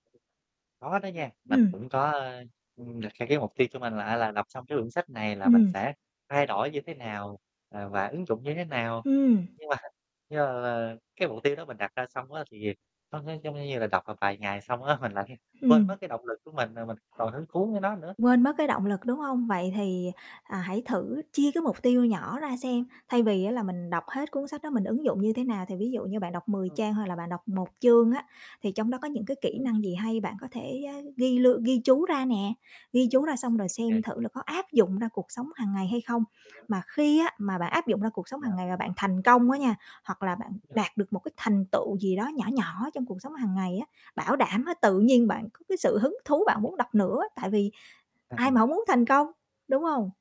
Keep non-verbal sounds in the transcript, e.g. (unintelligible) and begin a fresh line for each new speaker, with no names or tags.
Có đó nha, mình
Ừm.
cũng có, ơ, ưm, đặt ra cái mục tiêu cho mình là, a, là đọc xong cái quyển sách này là mình
Ừm.
sẽ thay đổi như thế nào và và ứng dụng như thế nào.
Ừm.
Nhưng mà (chuckles) nhưng mà mà cái mục tiêu đó mình đặt ra xong á, thì nó nó giống như là đọc một vài ngày xong á, mình lại quên
Ừm.
mất cái động lực của mình rồi mình còn hứng thú với nó nữa.
Quên mất cái động lực, đúng hông? Vậy thì, à, hãy thử chia cái mục tiêu nhỏ ra xem, thay vì á là mình đọc hết cuốn sách đó mình ứng dụng như thế nào. Thì ví dụ như bạn đọc 10
Ừm.
trang hay là bạn đọc 1 chương á, thì trong đó có những cái kỹ
Ừm.
năng gì hay, bạn có thể,
(unintelligible)
ơ, ghi lương ghi chú ra nè, ghi chú ra xong rồi xem
(unintelligible)
thử là có áp dụng ra cuộc sống hàng ngày hay không.
(unintelligible)
Mà khi á, mà bạn áp dụng ra cuộc sống
Ờ.
hàng ngày và bạn thành công á nha, hoặc là bạn
(unintelligible)
đạt được một cái thành tựu gì đó nhỏ nhỏ trong cuộc sống hàng ngày á, bảo đảm á, tự nhiên bạn có cái sự hứng thú bạn muốn đọc nữa, tại vì
À,
ai
ừm.
mà hổng muốn thành công, đúng hông?